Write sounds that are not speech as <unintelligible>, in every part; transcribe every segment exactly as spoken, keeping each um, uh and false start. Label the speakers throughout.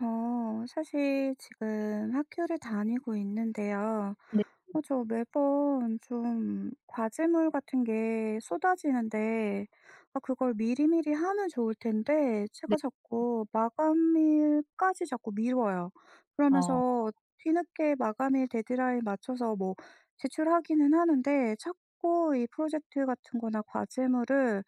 Speaker 1: 어 사실 지금 학교를 다니고 있는데요.
Speaker 2: 네.
Speaker 1: 어 저 매번 좀 과제물 같은 게 쏟아지는데 아 그걸 미리미리 하면 좋을 텐데 제가
Speaker 2: 네.
Speaker 1: 자꾸 마감일까지 자꾸 미뤄요.
Speaker 2: 어.
Speaker 1: 그러면서 뒤늦게 마감일 데드라인 맞춰서 뭐 제출하기는 하는데 자꾸 이 프로젝트 같은 거나 과제물을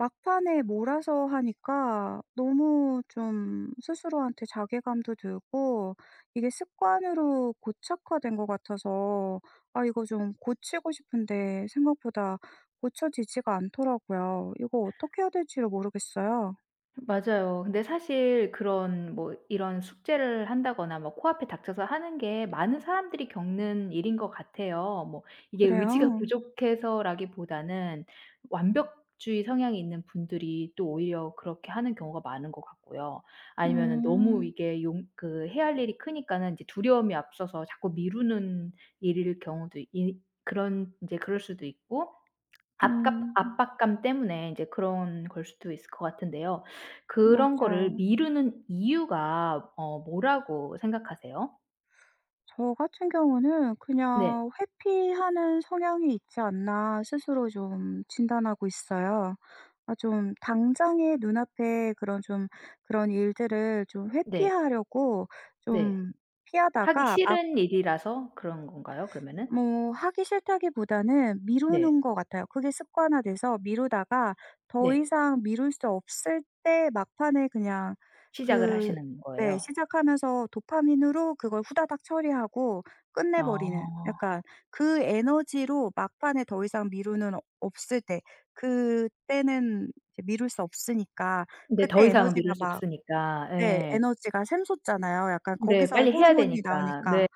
Speaker 1: 막판에 몰아서 하니까 너무 좀 스스로한테 자괴감도 들고 이게 습관으로 고착화된 것 같아서 아, 이거 좀 고치고 싶은데 생각보다 고쳐지지가 않더라고요. 이거 어떻게 해야 될지를 모르겠어요.
Speaker 2: 맞아요. 근데 사실 그런 뭐 이런 숙제를 한다거나 뭐 코앞에 닥쳐서 하는 게 많은 사람들이 겪는 일인 것 같아요. 뭐 이게 의지가
Speaker 1: 그래요?
Speaker 2: 부족해서라기보다는 완벽주의 성향이 있는 분들이 또 오히려 그렇게 하는 경우가 많은 것 같고요. 아니면은 너무
Speaker 1: 음.
Speaker 2: 이게 용 그 해야 할 일이 크니까는 이제 두려움이 앞서서 자꾸 미루는 일일 경우도 이 그런 이제 그럴 수도 있고 아깝
Speaker 1: 음.
Speaker 2: 압박감 때문에 이제 그런 걸 수도 있을 것 같은데요. 그런 거를
Speaker 1: 맞아요.
Speaker 2: 미루는 이유가 어 뭐라고 생각하세요?
Speaker 1: 저 같은 경우는
Speaker 2: 네.
Speaker 1: 그냥 '회피하는 성향이 있지 않나?' 스스로 좀 진단하고 있어요. 아 좀 당장에 눈앞에 그런 좀 그런 일들을 좀
Speaker 2: 네.
Speaker 1: 회피하려고
Speaker 2: 네.
Speaker 1: 좀
Speaker 2: 하기
Speaker 1: 피하다가 막
Speaker 2: 싫은 일이라서 그런 건가요, 그러면은?
Speaker 1: 뭐 하기 싫다기보다는
Speaker 2: 네.
Speaker 1: 미루는 것 같아요. 그게 습관화돼서 미루다가 더
Speaker 2: 네.
Speaker 1: 이상 미룰 수 없을 때 막판에 그냥
Speaker 2: 시작을
Speaker 1: 그
Speaker 2: 하시는
Speaker 1: 네
Speaker 2: 거예요?
Speaker 1: 시작하면서 도파민으로 그걸 후다닥 처리하고 끝내버리는
Speaker 2: 어.
Speaker 1: 약간. 그 에너지로 막판에 더 이상 미루는 없을 때 그때는 이제 미룰 수 없으니까
Speaker 2: 네,
Speaker 1: 그때
Speaker 2: 더 이상은
Speaker 1: 에너지가
Speaker 2: 미룰 수
Speaker 1: 막
Speaker 2: 없으니까.
Speaker 1: 네.
Speaker 2: 예.
Speaker 1: 에너지가 샘솟잖아요. 약간
Speaker 2: 네.
Speaker 1: 거기서
Speaker 2: 빨리 해야
Speaker 1: 호르몬이
Speaker 2: 되니까.
Speaker 1: 나오니까.
Speaker 2: 네.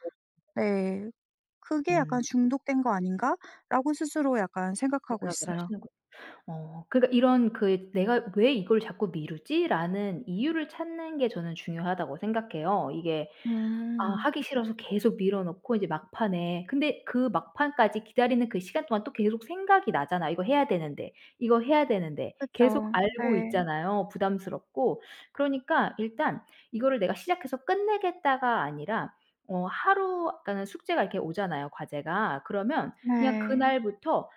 Speaker 1: 네. 그게
Speaker 2: 음.
Speaker 1: 약간 '중독된 거 아닌가?'라고 스스로 약간 생각하고
Speaker 2: 생각을
Speaker 1: 있어요.
Speaker 2: 하시는 거죠. 어 그러니까 이런 그 '내가 왜 이걸 자꾸 미루지?'라는 이유를 찾는 게 저는 중요하다고 생각해요. 이게 아
Speaker 1: 음.
Speaker 2: 하기 싫어서 계속 미뤄 놓고 인제 막판에 근데 그 막판까지 기다리는 그 시간 동안 또 계속 생각이 나잖아요. '이거 해야 되는데. 이거 해야 되는데.' 계속
Speaker 1: 그쵸.
Speaker 2: 알고
Speaker 1: 네.
Speaker 2: 있잖아요, 부담스럽고. 그러니까 일단 '이거를 내가 시작해서 끝내겠다.'가 아니라 어 하루 그러니까는 숙제가 이렇게 오잖아요, 과제가. 그러면 그냥
Speaker 1: 네.
Speaker 2: 그날부터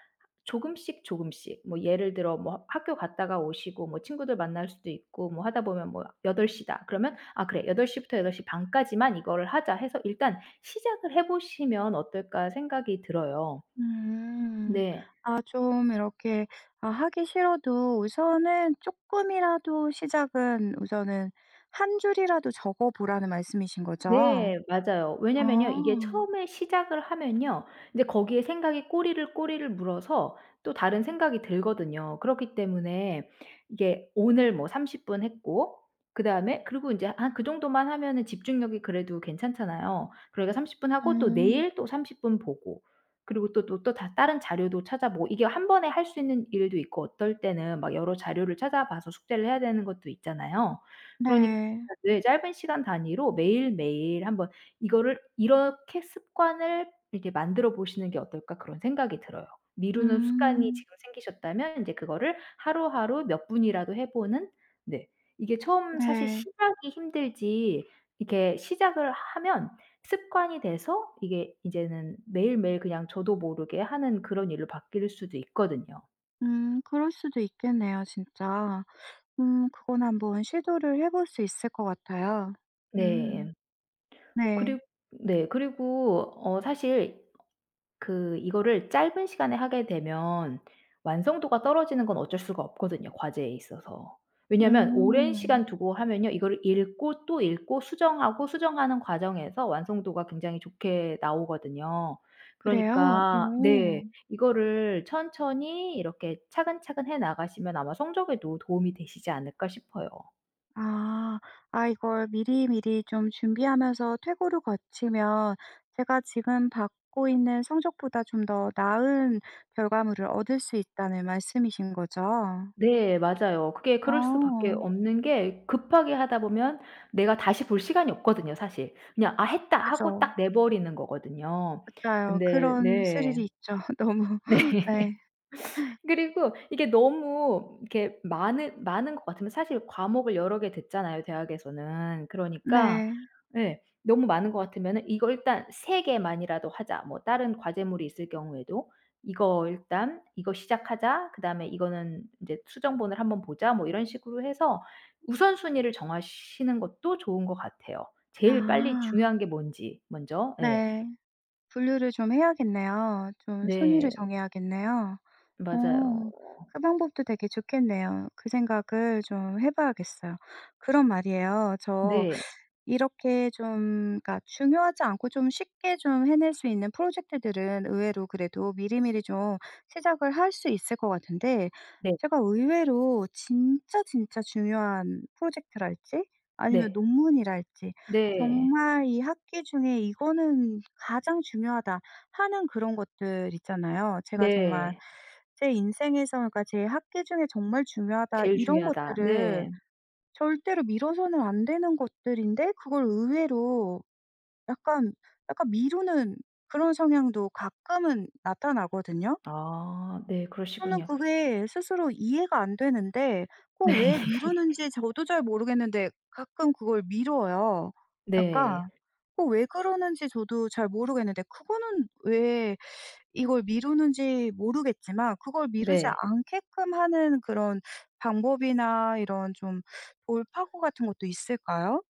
Speaker 2: 조금씩 조금씩 뭐 예를 들어 뭐 학교 갔다가 오시고 뭐 친구들 만날 수도 있고 뭐 하다 보면 뭐 여덟 시 다. 그러면 '아 그래, 여덟 시 부터 여덟 시 반 까지만 이거를 하자.' 해서 '일단 시작을 해 보시면 어떨까?' 생각이 들어요.
Speaker 1: 음.
Speaker 2: 네.
Speaker 1: 아 좀 이렇게 아 하기 싫어도 우선은 쪼끔이라도 시작은 우선은 한 줄이라도 적어 보라는 말씀이신 거죠?
Speaker 2: 네. 맞아요.
Speaker 1: 어.
Speaker 2: 왜냐면요 이게 처음에 시작을 하면요. 근데 거기에 생각이 꼬리를 꼬리를 물어서 또 다른 생각이 들거든요. 그렇기 때문에 이게 오늘 뭐 삼십 분 했고 그다음에 그리고 인제 한 그 정도만 하면은 집중력이 그래도 괜찮잖아요. 그러니까 삼십 분하고 또
Speaker 1: 음.
Speaker 2: 내일 또 삼십 분 보고 그리고 또 또 또 다 다른 자료도 찾아보고. 이게 한 번에 할 수 있는 일도 있고 어떨 때는 막 여러 자료를 찾아봐서 숙제를 해야 되는 것도 있잖아요. 그러니까
Speaker 1: 네.
Speaker 2: 네, 짧은 시간 단위로 매일매일 한번 이거를 이렇게 '습관을 이렇게 만들어 보시는 게 어떨까?' 그런 생각이 들어요. 미루는 습관이
Speaker 1: 음.
Speaker 2: 지금 생기셨다면 인제 그거를 하루하루 몇 분이라도 해 보는. 네. 이게 처음 사실
Speaker 1: 네.
Speaker 2: 시작이 힘들지 이렇게 시작을 하면 습관이 돼서 이게 이제는 매일매일 그냥 저도 모르게 하는 그런 일로 바뀔 수도 있거든요.
Speaker 1: 음 그럴 수도 있겠네요. 진짜. 음 그건 한번 시도를 해 볼 수 있을 것 같아요.
Speaker 2: 네.
Speaker 1: 음.
Speaker 2: 임 그리
Speaker 1: 네.
Speaker 2: 네. 그리고 어 사실 그 이거를 짧은 시간에 하게 되면 완성도가 떨어지는 건 어쩔 수가 없거든요. 과제에 있어서. 왜냐하면 오랜
Speaker 1: 음.
Speaker 2: 시간 두고 하면요. 이거를 읽고 또 읽고 수정하고 수정하는 과정에서 완성도가 굉장히 좋게 나오거든요.
Speaker 1: 그래요?
Speaker 2: 그러니까
Speaker 1: 오.
Speaker 2: 네. 이거를 천천히 이렇게 차근차근 해 나가시면 아마 '성적에도 도움이 되시지 않을까?' 싶어요.
Speaker 1: 아. 아 이걸 미리미리 좀 준비하면서 퇴고를 거치면 제가 지금 받고 있는 성적보다 좀 더 나은 결과물을 얻을 수 있다는 말씀이신거죠?
Speaker 2: 네. 맞아요. 그게 그럴 수밖에
Speaker 1: 어.
Speaker 2: 없는 게 급하게 하다 보면 내가 다시 볼 시간이 없거든요. 사실. 그냥 '아
Speaker 1: 어
Speaker 2: 했다.' 하고
Speaker 1: 그죠.
Speaker 2: 딱 내 버리는 거거든요.
Speaker 1: 맞아요.
Speaker 2: 근데
Speaker 1: 그런 스릴이
Speaker 2: 네.
Speaker 1: 있죠 너무.
Speaker 2: 네.
Speaker 1: 네.
Speaker 2: <laughs> 그리고 이게 너무 이렇게 많은 많은 것 같으면 사실 과목을 여러 개 듣잖아요. 대학에서는. 그러니까
Speaker 1: 네.
Speaker 2: 예 너무 많은 것 같으면은 '이거 일단 세 개만이라도 하자.' 뭐 다른 과제물이 있을 경우에도 '이거 일단 이거 시작하자.' 그다음에 '이거는 인제 수정본을 한번 보자.' 뭐 이런 식으로 해서 우선순위를 정하시는 것도 좋은 것 같아요. 제일 빨리
Speaker 1: 아.
Speaker 2: 중요한 게 뭔지 먼저. 예.
Speaker 1: 네. 분류를 좀 해야겠네요. 좀 순위를
Speaker 2: 네.
Speaker 1: 정해야겠네요. 어
Speaker 2: 맞아요.
Speaker 1: 그 방법도 되게 좋겠네요. 그 생각을 좀 해 봐야겠어요. 그럼 말이에요. 저
Speaker 2: 네.
Speaker 1: 이렇게 좀 그러니까 중요하지 않고 좀 쉽게 좀 해낼 수 있는 프로젝트들은 의외로 그래도 미리미리 좀 시작을 할 수 있을 것 같은데
Speaker 2: 네.
Speaker 1: 제가 의외로 진짜 진짜 중요한 프로젝트랄지 아니면
Speaker 2: 네.
Speaker 1: 논문이랄지
Speaker 2: 네.
Speaker 1: 정말 이 학기 중에 '이거는 가장 중요하다.' 하는 그런 것들 있잖아요. 제가 정말
Speaker 2: 네.
Speaker 1: 제 인생에서 그러니까 제 학기 중에 '정말 중요하다.'
Speaker 2: "제일
Speaker 1: 이런
Speaker 2: 중요하다."
Speaker 1: 것들을
Speaker 2: 네.
Speaker 1: 절대로 미뤄서는 안 되는 것들인데 그걸 의외로 약간, 약간 미루는 그런 성향도 가끔은 나타나거든요?
Speaker 2: 아 네.
Speaker 1: 저는
Speaker 2: 그러시군요.
Speaker 1: 그게 스스로 이해가 안 되는데 어
Speaker 2: 네.
Speaker 1: 왜
Speaker 2: <laughs>
Speaker 1: 미루는지 저도 잘 모르겠는데 가끔 그걸 미뤄요.
Speaker 2: 네.
Speaker 1: 약간 어 왜 그러는지 저도 잘 모르겠는데 그거는 왜 <sucks teeth> 이걸 미루는지 모르겠지만 그걸 미루지
Speaker 2: 네.
Speaker 1: 않게끔 하는 그런 방법이나 이런 좀 돌파구 같은 것도 있을까요?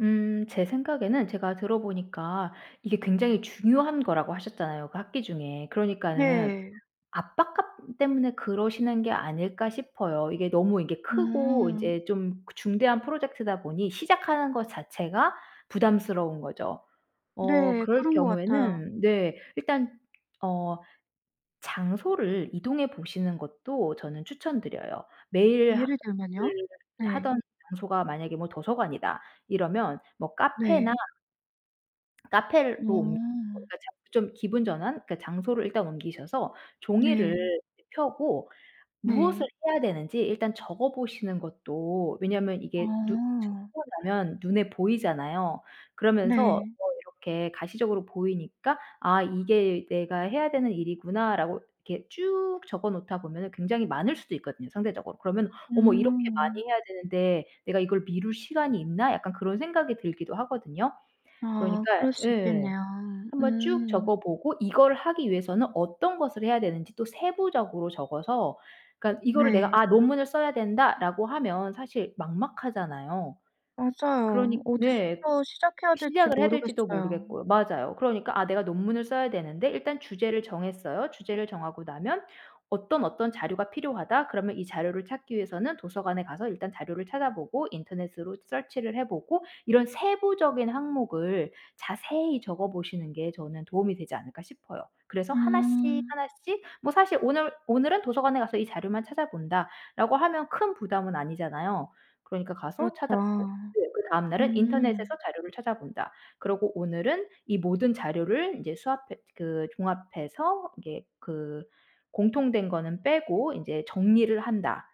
Speaker 2: 음 제 생각에는 제가 들어보니까 이게 굉장히 중요한 거라고 하셨잖아요 그 학기 중에. 그러니까는
Speaker 1: 네.
Speaker 2: 압박감 때문에 그러시는 게 아닐까 싶어요. 이게 너무 이게 크고
Speaker 1: 음.
Speaker 2: 인제 좀 중대한 프로젝트다 보니 시작하는 것 자체가 부담스러운 거죠. 어
Speaker 1: 네.
Speaker 2: 그럴
Speaker 1: 그런 것 같아요.
Speaker 2: 경우에는 네. 일단 어 장소를 이동해 보시는 것도 저는 추천 드려요. 매일
Speaker 1: 예를
Speaker 2: <unintelligible>
Speaker 1: 들면요?
Speaker 2: 를
Speaker 1: 네.
Speaker 2: 하던 장소가 만약에 뭐 도서관이다 이러면 뭐 카페나
Speaker 1: 네.
Speaker 2: 카페를 로 옮
Speaker 1: 오.
Speaker 2: 그러니까 저 좀 기분전환? 그러니까 장소를 일단 옮기셔서 종이를
Speaker 1: 네.
Speaker 2: 펴고 무엇을
Speaker 1: 네.
Speaker 2: 해야 되는지 일단 적어 보시는 것도 왜냐면 이게 누 쭉
Speaker 1: 어.
Speaker 2: 적어 놓으면 눈에 보이잖아요. 그러면서
Speaker 1: 네.
Speaker 2: 뭐 이렇게 가시적으로 보이니까 '아 이게 내가 해야 되는 일이구나.'라고 이렇게 쭉 적어 놓다 보면은 굉장히 많을 수도 있거든요 상대적으로. 그러면 '어머 이렇게
Speaker 1: 음.
Speaker 2: 많이 해야 되는데 내가 이걸 미룰 시간이 있나?' 약간 그런 생각이 들기도 하거든요.
Speaker 1: 아
Speaker 2: 그러니까
Speaker 1: 그럴 수
Speaker 2: 예.
Speaker 1: 있겠네요.
Speaker 2: 한번 쭉
Speaker 1: 음.
Speaker 2: 적어 보고 이거를 하기 위해서는 어떤 것을 해야 되는지 또 세부적으로 적어서 그러니까 이거를 '내가
Speaker 1: 네.
Speaker 2: 아 논문을 써야 된다.'라고 하면 사실 막막하잖아요.
Speaker 1: 맞아요.
Speaker 2: 그러니 네.
Speaker 1: 어디서부터 시작해야 될지
Speaker 2: 시작을 해야 될지도
Speaker 1: 모르겠어요.
Speaker 2: 모르겠고요. 맞아요. 그러니까 아 내가 논문을 써야 되는데 일단 주제를 정했어요. 주제를 정하고 나면 어떤 어떤 자료가 필요하다. 그러면 이 자료를 찾기 위해서는 도서관에 가서 일단 자료를 찾아보고 인터넷으로 Search를 해 보고 이런 세부적인 항목을 자세히 적어 보시는 게 저는 '도움이 되지 않을까?' 싶어요. 그래서 하나씩
Speaker 1: 음.
Speaker 2: 하나씩 뭐 사실 '오늘 오늘은 도서관에 가서 이 자료만 찾아본다.' 라고 하면 큰 부담은 아니잖아요. 그러니까 가서
Speaker 1: 그렇죠.
Speaker 2: 찾아 보고. 네 그다음 날은 '인터넷에서
Speaker 1: 음.
Speaker 2: 자료를 찾아본다.' 그러고 오늘은 이 모든 자료를 인제 수합해 그 종합해서 이게 그 공통된 거는 빼고 인제 '정리를 한다.'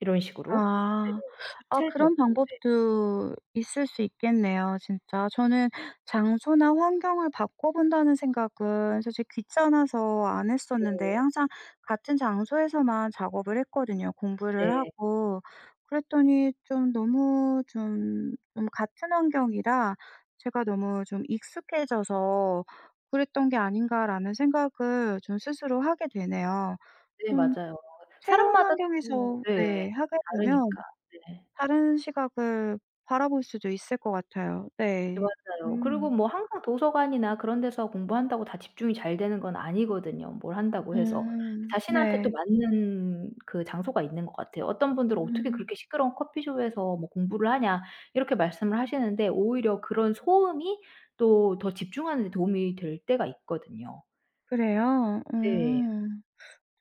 Speaker 2: 이런 식으로.
Speaker 1: 아.
Speaker 2: 네네네
Speaker 1: 아 그런
Speaker 2: 구체적으로. 네.
Speaker 1: 방법도 있을 수 있겠네요 진짜. 저는 장소나 환경을 바꿔 본다는 생각은 솔직히 귀찮아서 안 했었는데
Speaker 2: 네.
Speaker 1: 항상 같은 장소에서만 작업을 했거든요 공부를
Speaker 2: 네.
Speaker 1: 하고. 그랬더니 좀 너무 좀, 좀 같은 환경이라 제가 '너무 좀 익숙해져서 그랬던 게 아닌가.'라는 생각을 좀 스스로 하게 되네요.
Speaker 2: 네
Speaker 1: 좀
Speaker 2: 맞아요.
Speaker 1: 새로운
Speaker 2: 사람마다 <unintelligible>
Speaker 1: 환경에서
Speaker 2: 네.
Speaker 1: 네. 하게 되면
Speaker 2: 다르니까. 네.
Speaker 1: 다른 시각을 바라볼 수도 있을 것 같아요.
Speaker 2: 네
Speaker 1: 네.
Speaker 2: 맞아요. 그리고
Speaker 1: 음.
Speaker 2: 뭐 항상 도서관이나 그런 데서 공부한다고 다 집중이 잘 되는 건 아니거든요. 뭘 한다고 해서.
Speaker 1: 음
Speaker 2: 자신한테 또
Speaker 1: 네.
Speaker 2: 맞는 그 장소가 있는 것 같아요. 어떤 분들은 "어떻게
Speaker 1: 음.
Speaker 2: 그렇게 시끄러운 커피숍에서 뭐 공부를 하냐?" 이렇게 말씀을 하시는데 오히려 그런 소음이 또 더 집중하는 데 도움이 될 때가 있거든요.
Speaker 1: 그래요?
Speaker 2: 네.
Speaker 1: 음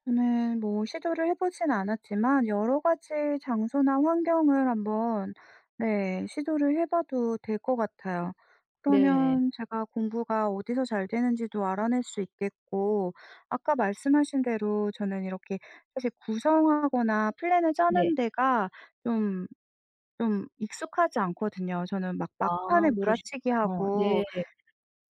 Speaker 1: 네. 뭐 시도를 해보진 않았지만 여러 가지 장소나 환경을 한번 네. 시도를 해 봐도 될 것 같아요.
Speaker 2: 네.
Speaker 1: 그러면 제가 공부가 어디서 잘 되는지도 알아낼 수 있겠고 아까 말씀하신 대로 저는 이렇게 사실 구성하거나 플랜을
Speaker 2: 네.
Speaker 1: 짜는 데가 좀, 좀 익숙하지 않거든요. 저는 막
Speaker 2: 아
Speaker 1: 막판에
Speaker 2: 그러시군요.
Speaker 1: 몰아치기하고
Speaker 2: 네.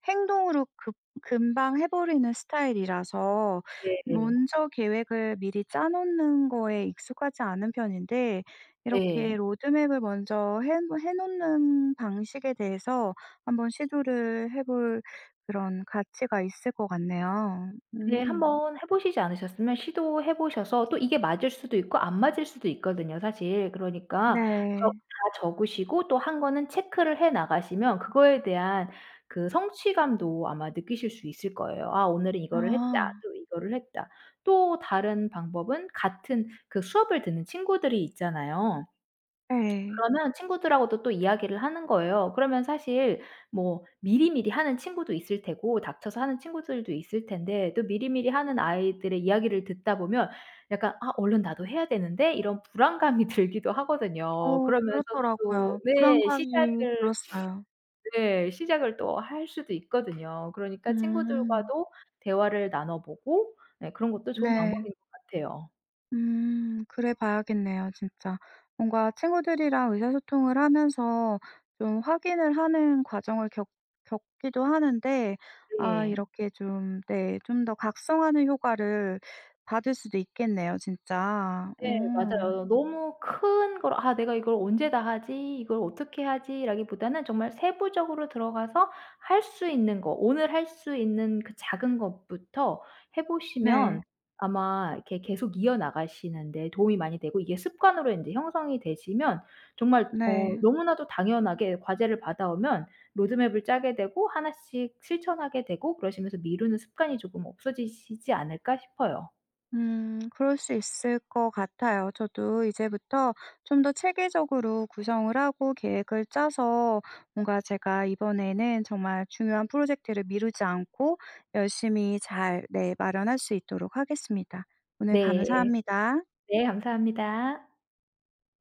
Speaker 1: 행동으로 급 금방 해 버리는 스타일이라서
Speaker 2: 네.
Speaker 1: 먼저 계획을 미리 짜놓는 거에 익숙하지 않은 편인데
Speaker 2: 예.
Speaker 1: 이렇게 로드맵을 먼저 핸번 해 놓는 방식에 대해서 한번 시도를 해 볼 그런 가치가 있을 것 같네요.
Speaker 2: 네.
Speaker 1: 음.
Speaker 2: 한번 해 보시지 않으셨으면 시도해 보셔서 또 이게 맞을 수도 있고 안 맞을 수도 있거든요 사실. 그러니까 저
Speaker 1: 네.
Speaker 2: 다 적으시고 또 한 거는 체크를 해 나가시면 그거에 대한 그 성취감도 아마 느끼실 수 있을 거예요. '아 오늘은 이거를 했다.'
Speaker 1: 아.
Speaker 2: 또 '이거를 했다.' 또 다른 방법은 같은 그 수업을 듣는 친구들이 있잖아요.
Speaker 1: 예.
Speaker 2: 그러면 친구들하고도 또 이야기를 하는 거예요. 그러면 사실 뭐 미리미리 하는 친구도 있을 테고 닥쳐서 하는 친구들도 있을 텐데 또 미리미리 하는 아이들의 이야기를 듣다 보면 약간 '아 얼른 나도 해야 되는데.' 이런 불안감이 들기도 하거든요.
Speaker 1: 어
Speaker 2: 그러면서 또
Speaker 1: 그렇더라고요.
Speaker 2: 네.
Speaker 1: 불안감이
Speaker 2: 시작을
Speaker 1: 들었어요.
Speaker 2: <sniffs> 네. 시작을 또 할 수도 있거든요. 그러니까
Speaker 1: 음.
Speaker 2: 친구들과도 대화를 나눠보고 네 그런 것도 좋은
Speaker 1: 네.
Speaker 2: 방법인 것 같아요.
Speaker 1: 음 그래봐야겠네요. 진짜. 뭔가 친구들이랑 의사소통을 하면서 좀 확인을 하는 과정을 겪 겪기도 하는데 아
Speaker 2: 예.
Speaker 1: 이렇게 좀 네. 좀 더 각성하는 효과를 받을 수도 있겠네요. 진짜.
Speaker 2: 네
Speaker 1: 어.
Speaker 2: 맞아요. 너무 큰 걸 '아 내가 이걸 언제 다 하지? 이걸 어떻게 하지?'라기보다는 정말 세부적으로 들어가서 할 수 있는 거 오늘 할 수 있는 그 작은 것부터 해
Speaker 1: 네.
Speaker 2: 보시면 아마 이렇게 계속 이어나가시는 데 도움이 많이 되고 이게 습관으로 인제 형성이 되시면 정말 어
Speaker 1: 네.
Speaker 2: 너무나도 당연하게 과제를 받아오면 로드맵을 짜게 되고 하나 씩 실천하게 되고 그러시면서 '미루는 습관이 조금 없어지시지 않을까?' 싶어요.
Speaker 1: 음. 그럴 수 있을 것 같아요. 저도 이제부터 좀 더 체계적으로 구성을 하고 계획을 짜서 뭔가 제가 이번에는 정말 중요한 프로젝트를 미루지 않고 열심히 잘 네. 마련할 수 있도록 하겠습니다. 오늘
Speaker 2: 네.
Speaker 1: 감사합니다.
Speaker 2: 네 감사합니다.